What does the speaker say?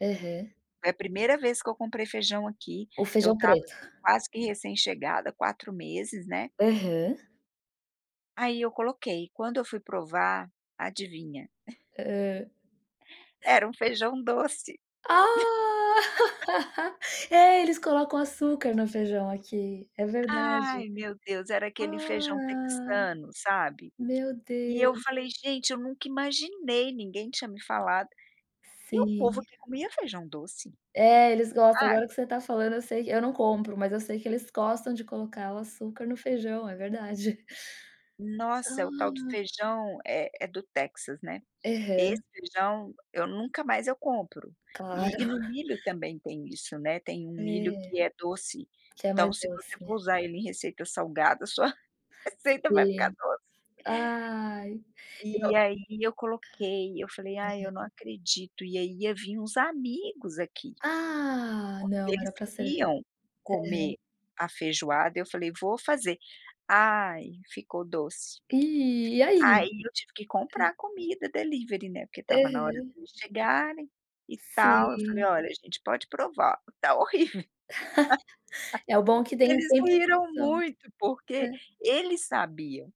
Aham. Foi a primeira vez que eu comprei feijão, aqui. O Eu feijão estava, preto? assim, quase que, recém-chegada. 4 meses, né. Aham. Aí, eu coloquei. Quando eu fui provar, adivinha? Hã. Era um feijão doce. Ah. Hã. É, eles colocam açúcar no feijão, aqui. É verdade. Ai, meu Deus. Era aquele feijão Ah. texano, sabe? Meu E, eu Deus. falei: "Gente, eu nunca imaginei", ninguém tinha me falado, que o povo Sim. aqui comia feijão doce, É. Eles gostam. sabe. Agora, que você tá falando, eu sei que eu não compro, mas eu sei que eles gostam de colocar o açúcar no feijão. É verdade. Nossa, é o tal do Ah. feijão, eh, é do Texas, né. Aham. Esse feijão, eu nunca mais eu compro. Claro. E e no milho, também, tem isso, né. Tem um milho É. que é doce, Que é então, mais se você for doce. usar ele em receita salgada, sua receita vai ficar Sim. doce. Ai. E o ah. E, aí, eu coloquei. Eu falei: "Ai, Aham. eu não acredito.". E aí, ia vim uns amigos aqui, Ah, porque não. eles Era pra servir. queriam Aham. comer a feijoada, eu falei: "Vou fazer!". Ai, ficou doce. Ih, e, aí? Aí, eu tive que Hã. comprar comida delivery, né, porque estava na hora Aham. deles chegarem e tal. Eu falei: Sim. "Olha, gente, pode provar, tá horrível.". É, o bom é que dem Eles riam, sempre eles riram são. muito, porque, Hã. eles sabiam